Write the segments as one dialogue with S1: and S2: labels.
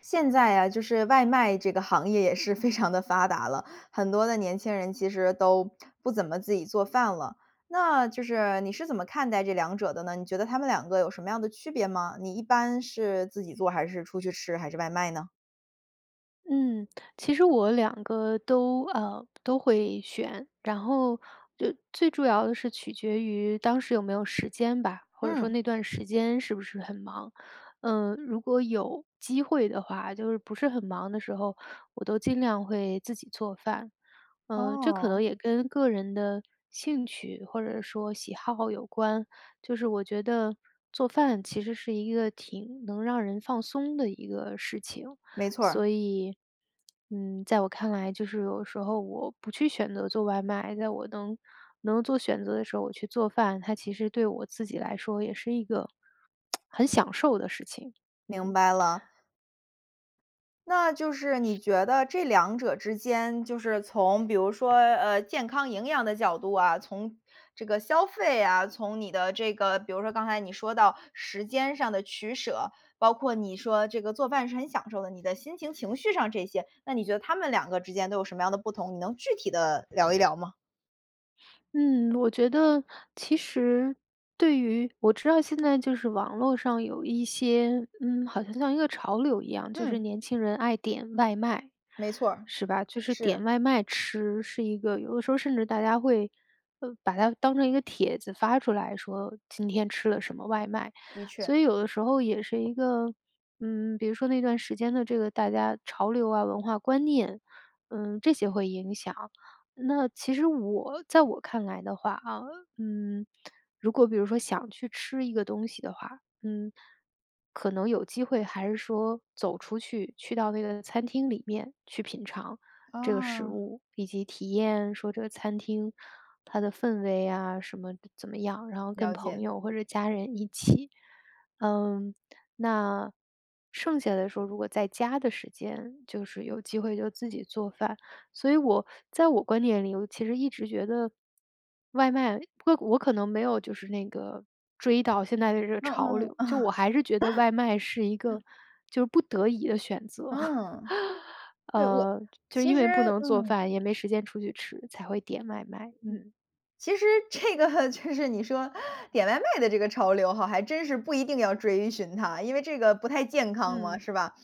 S1: 现在啊，就是外卖这个行业也是非常的发达了。很多的年轻人其实都 不怎么自己做饭了。那就是你是怎么看待这两者的呢？你觉得它们两个有什么样的区别吗？你一般是自己做还是出去吃，还是外卖呢？
S2: 嗯，其实我两个都呃，都会选，然后，呃，最主要的是取决于当时有没有时间吧，或者说
S1: 嗯。
S2: 那段时间是不是很忙。呃，如果有机会的话，就是不是很忙的时候，我都尽量会自己做饭。嗯，这可
S1: 哦。
S2: 能也跟个人的兴趣或者说喜好有关，就是我觉得做饭其实是一个挺能让人放松的一个事情。
S1: 没错
S2: 所
S1: 儿。
S2: 以，嗯，在我看来就是有的时候我不去选择做外卖，在我能能做选择的时候我去做饭，它其实对我自己来说也是一个，很享受的事情，
S1: 明
S2: 嗯。
S1: 白了。那就是你觉得这两者之间，就是从比如说，呃，健康营养的角度啊，从这个消费啊，从你的这个比如说刚才你说到时间上的取舍，包括你说这个做饭是很享受的，你的心情、情绪上这些，那你觉得它们两个之间都有什么样的不同，你能具体地聊一聊吗？
S2: 嗯，我觉得其实对于我知道现在就是网络上有一些，嗯，好像像一个潮流一样，就是
S1: 嗯。
S2: 年轻人爱点外卖，
S1: 没错儿。
S2: 是吧。就是点
S1: 是。
S2: 外卖吃是一个有的时候甚至大家会，呃，把它当成一个帖子发出来说今天吃了什么外卖。
S1: 的确。
S2: 所以有的时候也是一个嗯，比如说那段时间的这个大家潮流啊，文化观念，嗯，这些会影响。那其实我在我看来的话，啊，嗯，如果比如说想去吃一个东西的话，嗯，可能有机会还是说走出去，去到那个餐厅里面去品尝这个食
S1: 啊。
S2: 物，以及体验说这个餐厅它的氛围啊什么怎么样，然后跟
S1: 了
S2: 朋
S1: 解。
S2: 友或者家人一起，嗯。那剩下的时候如果在家的时间就是有机会就自己做饭。所以我在我观念里，我其实一直觉得外卖因为我可能没有就是那个追到现在的这个潮
S1: 嗯嗯
S2: 流，
S1: 嗯。
S2: 就我还是觉得外卖是一个 就是不得已的选择。
S1: 嗯。对，我
S2: 呃，就就是
S1: 其
S2: 因
S1: 实
S2: 为不能做
S1: 嗯。
S2: 饭，也没时间出去吃，才会点外卖，
S1: 嗯。
S2: 嗯。
S1: 其实这个就是你说点外卖的这个潮流哈，还真是不一定要追寻它，因为这个不太健康嘛，
S2: 嗯。
S1: 是吧。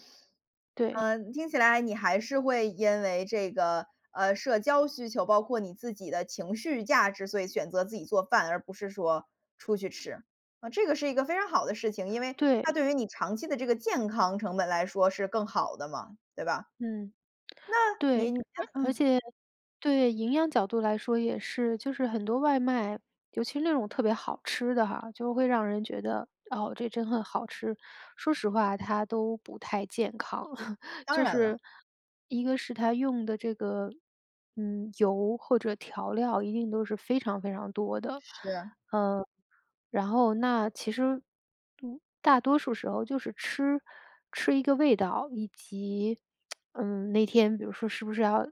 S2: 对。
S1: 啊，听起来你还是会因为这个，呃，社交需求，包括你自己的情绪价值，所以选择自己做饭，而不是说出去吃。啊，这个是一个非常好的事情，因为它
S2: 对。
S1: 对于你长期的这个健康成本来说是更好的嘛，对吧。
S2: 嗯。
S1: 那你
S2: 对，而而
S1: 嗯。
S2: 且对，营养角度来说也是就是很多外卖，尤其那种特别好吃的哈，就会让人觉得，哦，这真很好吃，说实话它都不太健康。
S1: 当
S2: 就
S1: 然了。
S2: 是一个是它用的这个，嗯，油或者调料一定都是非常非常多的。
S1: 是。
S2: 呃，然后那其实，嗯，大多数时候就是吃吃一个味道，以及 嗯，那天比如说是不是还要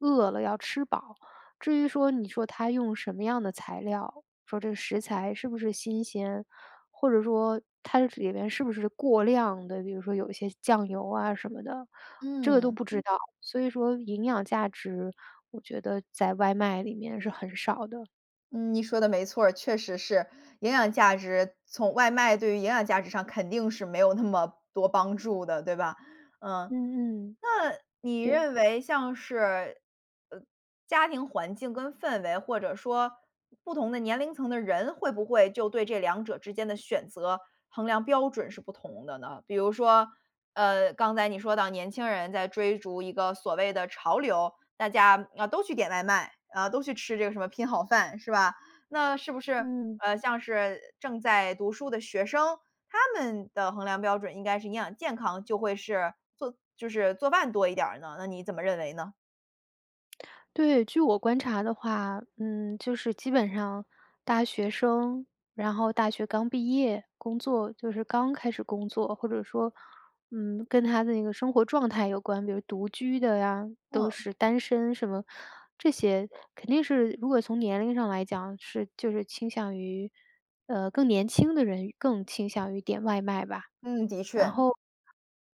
S2: 饿了要吃饱。至于说你说它用什么样的材料，说这食材是不是新鲜，或者说它里面是不是过量的，比如说有一些酱油啊什么的，这个都
S1: 嗯。
S2: 不知道。所以说营养价值我觉得在外卖里面是很少的。
S1: 嗯，你说的没错儿，确实是。营养价值从外卖对于营养价值上肯定是没有那么多帮助的，对吧。嗯。
S2: 嗯嗯。
S1: 那你
S2: 对。
S1: 认为像是，呃，家庭环境跟氛围或者说，不同的年龄层的人会不会就对这两者之间的选择衡量标准是不同的呢？比如说，呃，刚才你说到年轻人在追逐一个所谓的潮流，大家，呃，都去点外卖，呃，都去吃这个什么拼好饭，是吧。那是不是，
S2: 嗯。
S1: 呃，像是正在读书的学生他们的衡量标准应该是营养健康，就会是做就是做饭多一点儿呢？那你怎么认为呢？
S2: 对，据我观察的话，嗯，就是基本上大学生，然后大学刚毕业，工作就是刚开始工作，或者说，嗯，跟他的一个生活状态有关，比如独居的啊，都
S1: 嗯。
S2: 是单身什么，这些肯定是如果从年龄上来讲是就是倾向于，呃，更年轻的人更倾向于点外卖吧。
S1: 嗯，的
S2: 然
S1: 确。
S2: 后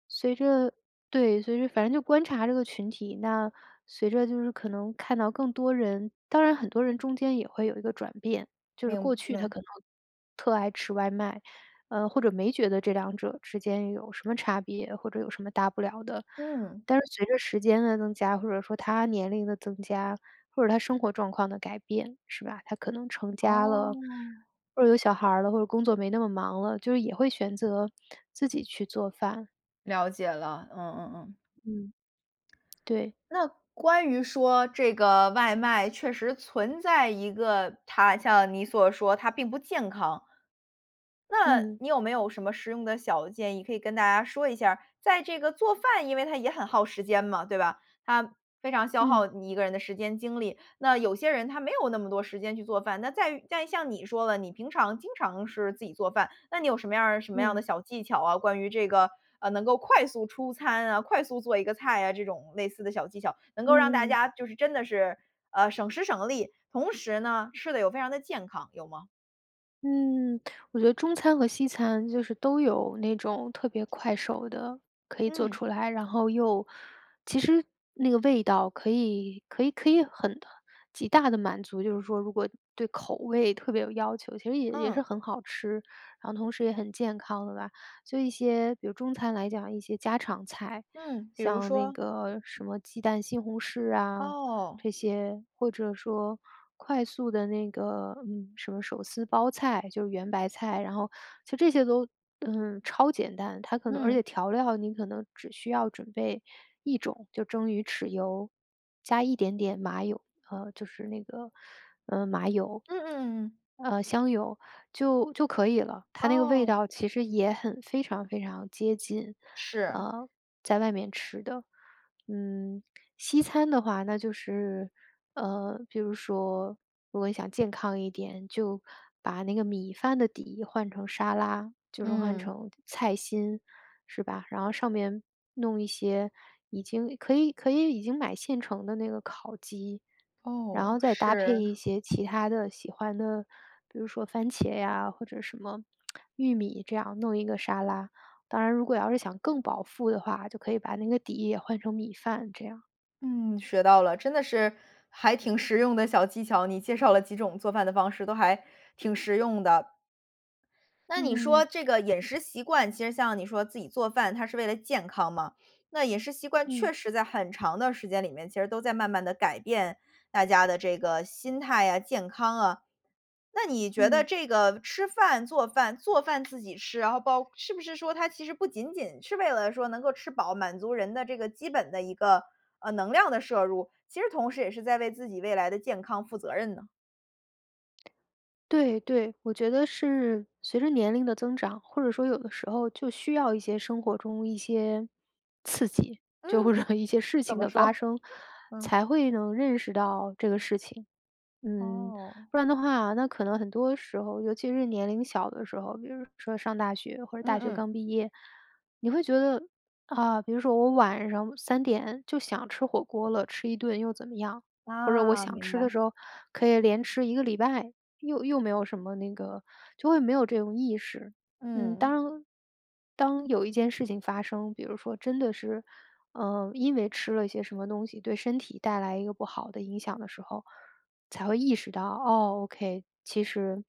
S2: 随着对，随着反正就观察这个群体那，随着就是可能看到更多人当然很多人间也会有一个转变，就是
S1: 明
S2: 过去他
S1: 白。
S2: 可能特爱吃外卖，呃，或者没觉得这两者之间有什么差别，或者有什么大不了的，
S1: 嗯。
S2: 但是随着时间的增加，或者说他年龄的增加，或者他生活状况的改变，是吧，他可能成家了，
S1: 哦。
S2: 或者有小孩儿了，或者工作没那么忙了，就是也会选择自己去做饭。
S1: 了解了，嗯嗯嗯。
S2: 嗯。对。
S1: 那关于说这个外卖，确实存在一个它像你所说它并不健康。那
S2: 嗯。
S1: 你有没有什么实用的小建议可以跟大家说一下儿，在这个做饭因为它也很耗时间嘛，对吧？它非常消
S2: 嗯。
S1: 耗你一个人的时间精力。那有些人他没有那么多时间去做饭。那在于在于像你说的，你平常经常是自己做饭，那你有什么样儿什么样儿的
S2: 嗯。
S1: 小技巧啊，关于这个，呃，能够快速出餐啊，快速做一个菜啊这种类似的小技巧，能
S2: 嗯
S1: 够让大
S2: 嗯嗯。
S1: 家就是真的是，呃，省时省力，同时呢，吃了又非常的健康，有吗？
S2: 嗯，我觉得中餐和西餐就是都有那种特别快手的可以做
S1: 嗯。
S2: 出来。然后又其实那个味道可以可以可以很极大地满足就是说如果对口味特别有要求，其实也也是
S1: 嗯。
S2: 很好吃，然后同时也很健康的吧。所以一些比如中餐来讲一些家常菜，
S1: 嗯，比如
S2: 像那
S1: 说？
S2: 个什么鸡蛋西红柿啊，
S1: 哦。
S2: 这些，或者说快速的那个嗯，什么手撕包菜，就是圆白菜，然后就这些都，嗯，超简单。它可能而
S1: 嗯。
S2: 且调料你可能只需要准备一种，就蒸鱼豉油，加一点点麻油，呃，就是那个，呃，麻油。
S1: 嗯嗯嗯嗯。
S2: 呃，香油，就就可以了，它那个味
S1: 哦。
S2: 道其实也很非常非常接近，
S1: 是。
S2: 呃，在外面吃的。嗯，西餐的话那就是呃，比如说如果你想健康一点，就把那个米饭的底换成沙拉，就是换
S1: 嗯。
S2: 成菜心，是吧。然后上面弄一些已经可以可以已经买现成的那个烤鸡，然
S1: 哦，
S2: 后再搭配
S1: 是。
S2: 一些其它的喜欢的比如说番茄呀，或者什么，玉米这样弄一个沙拉。当然如果要是想更饱腹的话，就可以把那个底也换成米饭这样。
S1: 嗯，学到了，真的是还挺实用的小技巧，你介绍了几种做饭的方式都还挺实用的。那你说
S2: 嗯。
S1: 这个饮食习惯，其实像你说自己做饭它是为了健康嘛。那饮食习惯
S2: 嗯。
S1: 确实在很长的时间里面，其实都在慢慢地改变大家的这个心态呀，健康啊。那你觉得
S2: 嗯。
S1: 这个吃饭、做饭做饭自己吃，然后包是不是说它其实不仅仅是为了说能够吃饱，满足人的这个基本的一个，呃，能量的摄入，其实同时也是在为自己未来的健康负责任呢？
S2: 对，对，我觉得是随着年龄的增长，或者说有的时候就需要一些生活中一些刺激，就会
S1: 嗯，
S2: 让一些事
S1: 怎
S2: 情
S1: 么
S2: 的
S1: 说？
S2: 发 生，
S1: 嗯。
S2: 才会能认识到这个事情。嗯，
S1: 哦。
S2: 不然的话那可能很多时候，尤其是年龄小的时候，就是说上大学，或者
S1: 嗯
S2: 大学
S1: 嗯。
S2: 刚毕业，你会觉得啊，比如说我晚上3点就想吃火锅了，吃一顿又怎么样，或者我
S1: 啊，
S2: 想
S1: 明
S2: 吃的
S1: 白。
S2: 时候可以连吃1个礼拜，又又没有什么那个就会没有这种意识。嗯，
S1: 嗯。
S2: 当当有一件事情发生，比如说真的是，嗯，因为吃了些什么东西对身体带来一个不好的影响的时候，才会意识到，哦，OK，其实，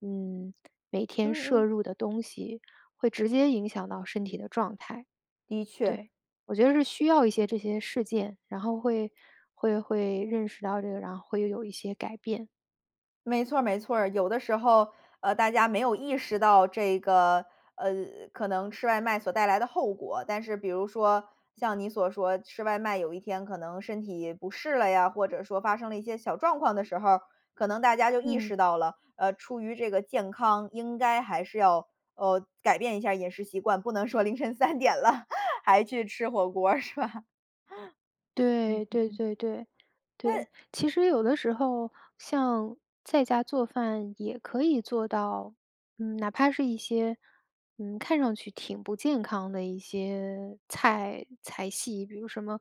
S2: 嗯，每天
S1: 嗯
S2: 摄
S1: 嗯。
S2: 入的东西会直接影响到身体的状态。
S1: 的确。
S2: 对。我觉得是需要一些这些事件，然后会会会认识到这个，然后会又有一些改变。
S1: 没错儿没错儿。有的时候，呃，大家没有意识到这个，呃，可能吃外卖所带来的后果，但是比如说像你所说，吃外卖有一天可能身体不适了呀或者说发生了一些小状况的时候儿，可能大家就意
S2: 嗯。
S1: 识到了，啊，出于这个健康应该还是要，哦，改变一下饮食习惯，不能说凌晨3点了 还去吃火锅是吧。嗯
S2: 对，
S1: 嗯
S2: 对
S1: 嗯。
S2: 对对。
S1: 那
S2: 对，其实有的时候像在家做饭也可以做到嗯，哪怕是一些，嗯，看上去挺不健康的一些菜菜系，比如什么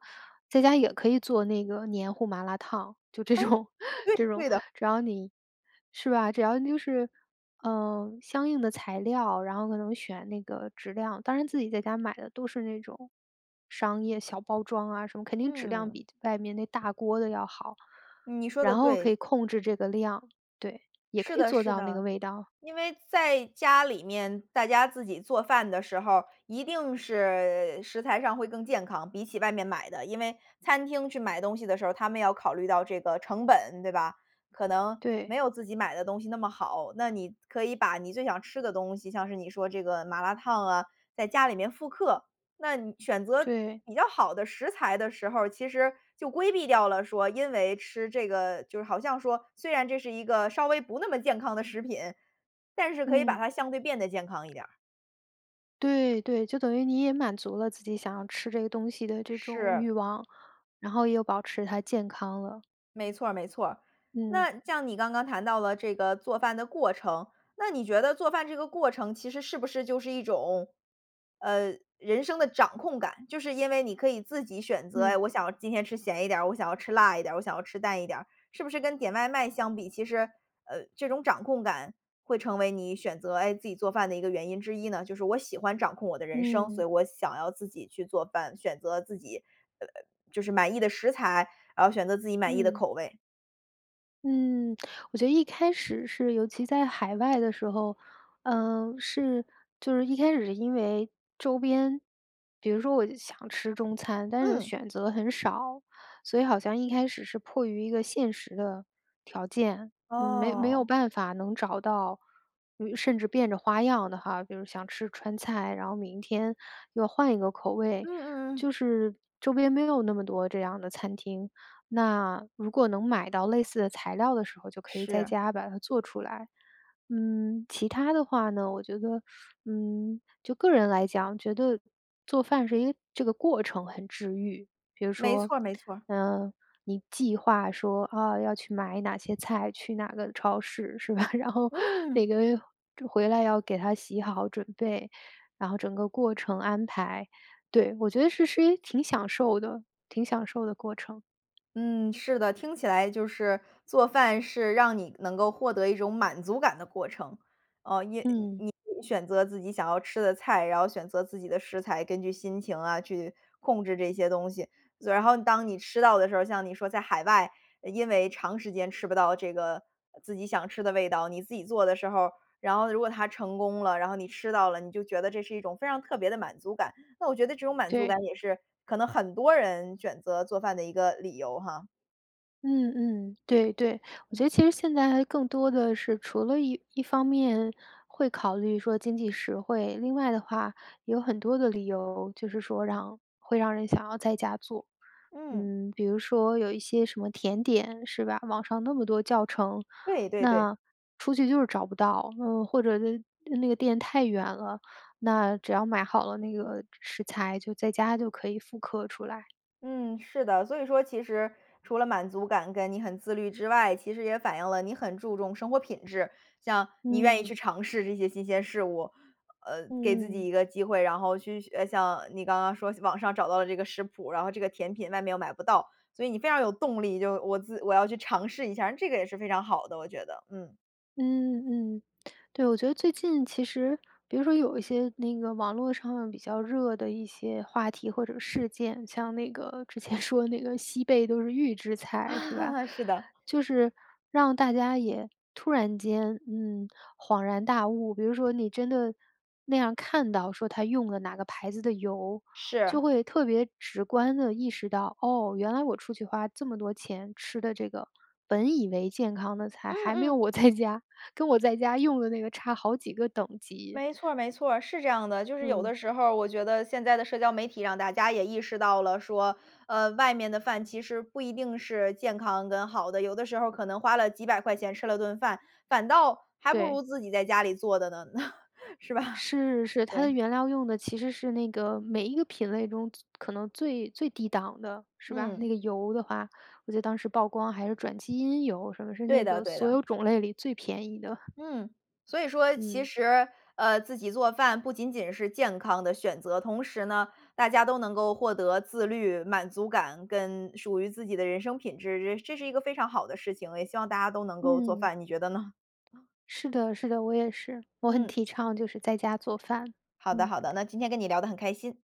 S2: 在家也可以做那个黏糊麻辣烫，就这
S1: 哎
S2: 种
S1: 对
S2: 这种，
S1: 对的。
S2: 只要你是吧，只要就是嗯，相应的材料，然后可能选那个质量，当然自己在家买的都是那种商业小包装啊什么，肯定质量
S1: 嗯。
S2: 比外面那大锅的要好。
S1: 你说得
S2: 然后可
S1: 对。
S2: 以控制这个量，对。也
S1: 是
S2: 可以
S1: 的
S2: 做
S1: 是
S2: 到那个
S1: 的。
S2: 味道。
S1: 因为在家里面大家自己做饭的时候儿，一定是食材上会更健康，比起外面买的，因为餐厅去买东西的时候儿，他们要考虑到这个成本，对吧？可能
S2: 对。
S1: 没有自己买的东西那么好。那你可以把你最想吃的东西，像是你说这个麻辣汤啊，在家里面复刻。那你选择
S2: 对。
S1: 比较好的食材的时候儿，其实就规避掉了说因为吃这个就是好像说虽然这是一个稍微不那么健康的食品，但是可以把
S2: 嗯。
S1: 它相对变得健康一点儿。
S2: 对，对，就等于你也满足了自己想要吃这个东西的这种
S1: 是。
S2: 欲望，然后也有保持它健康了。
S1: 没错儿没错儿。
S2: 嗯。
S1: 那像你刚刚谈到了做饭的过程，那你觉得做饭这个过程其实是不是就是一种，呃，人生的掌控感。就是因为你可以自己选择，哎，
S2: 嗯。
S1: 我想今天吃咸一点儿、我想要吃辣一点儿、我想要吃淡一点儿。是不是跟点外卖相比其实，呃，这种掌控感会成为你选择，诶，自己做饭的一个原因之一呢，就是我喜欢掌控我的人生，所
S2: 嗯。
S1: 以我想要自己去做饭，选择自己呃呃，就是满意的食材，然后选择自己满意的
S2: 嗯。
S1: 口味。
S2: 嗯，我觉得一开始是尤其在海外的时候，嗯，是就是一开始是因为周边比如说我想吃中餐，但是
S1: 嗯。
S2: 选择很少，所以好像一开始是迫于一个现实的条件，嗯，没没有
S1: 哦。
S2: 办法能找到，于甚至变着花样的哈，比如想吃川菜，然后明天又换一个口
S1: 嗯
S2: 味。
S1: 嗯嗯。
S2: 就是周边没有那么多这样的餐厅。那如果能买到类似的材料的时候就可以在
S1: 是。
S2: 家把它做出来。嗯，其它的话呢，我觉得，嗯，就个人来讲，觉得做饭是一个这个过程很治愈。比如
S1: 没
S2: 说，
S1: 错儿没错儿。
S2: 嗯，你计划说，哦，要去买哪些菜，去哪个超市，是吧，然后每
S1: 嗯。
S2: 个回来要给它洗好准备，然后整个过程安排。对，我觉得这是是一挺享受的挺享受的过程。
S1: 嗯，是的，听起来就是做饭是让你能够获得一种满足感的过程。呃，因
S2: 嗯。
S1: 你你选择自己想要吃的菜，然后选择自己的食材，根据心情啊去控制这些东西，所然后当你吃到的时候儿像你说在海外，呃，因为长时间吃不到这个，自己想吃的味道，你自己做的时候儿，然后如果它成功了，然后你吃到了，你就觉得这是一种非常特别的满足感。那我觉得这种满足感
S2: 对。
S1: 也是可能很多人选择做饭的一个理由哈。
S2: 嗯嗯。对对。我
S1: 嗯。
S2: 觉得其实现在还更多的是除了一一方面会考虑说经济实惠，另外的话有很多的理由，就是说让会让人想要在家做。
S1: 嗯。
S2: 嗯，比如说有一些什么甜点，是吧，网上那么多教程，
S1: 对，对对。
S2: 那出去就是找不到，嗯，或者的呃，那个店太远了，那只要买好了那个食材，就在家就可以复刻出来。
S1: 嗯，是的，所以说其实除了满足感和你很自律之外，其实也反映了你很注重生活品质。像你愿意去
S2: 嗯。
S1: 尝试这些新鲜事物，呃，给自
S2: 嗯
S1: 己
S2: 嗯。
S1: 一个机会，然后去呃，像你刚刚说网上找到了这个食谱，然后这个甜品外面又买不到，所以你非常有动力，就我自我要去尝试一下儿。那这个也是非常好的，我觉得。嗯。
S2: 嗯，嗯。对，我觉得最近其实比如说有一些那个网络上面比较热的一些话题或者事件，像那个之前说那个西贝都是预制菜，是吧，
S1: 是的。
S2: 就是让大家也突然间，嗯，恍然大悟。比如说你真的那样看到说它用了哪个牌子的油，就
S1: 是。
S2: 会特别直观地意识到，哦，原来我出去花这么多钱吃的这个，本以为健康的菜，
S1: 嗯
S2: 还没有
S1: 嗯。
S2: 我在家跟我在家用的那个差好几个等级。
S1: 没错儿没错儿，是这样的，就是有
S2: 嗯。
S1: 的时候儿我觉得现在的社交媒体让大家也意识到了说，呃，外面的饭其实不一定是健康跟好的。有的时候可能花了几百块钱吃了顿饭，反倒还不
S2: 对。
S1: 如自己在家里做的呢，是吧。
S2: 是，是，它的
S1: 对。
S2: 原料用的其实是那个每一个品类中最可能最最低档的，是吧。
S1: 嗯。
S2: 那个油的话，我记得当时曝光还是转基因油什么，是
S1: 对
S2: 那
S1: 的
S2: 个
S1: 对
S2: 所有
S1: 的。
S2: 种类里最便宜的。
S1: 嗯，所以说其
S2: 嗯。
S1: 实，呃，自己做饭不仅仅是健康的选择，同时呢，大家都能够获得自律、满足感，跟属于自己的人生品质，这这是一个非常好的事情。也希望大家都能够做
S2: 嗯。
S1: 饭，你觉得呢？
S2: 是的是的，我也是，我很
S1: 嗯。
S2: 提倡就是在家做饭，
S1: 好的
S2: 嗯。
S1: 好的，那今天跟你聊得很开心。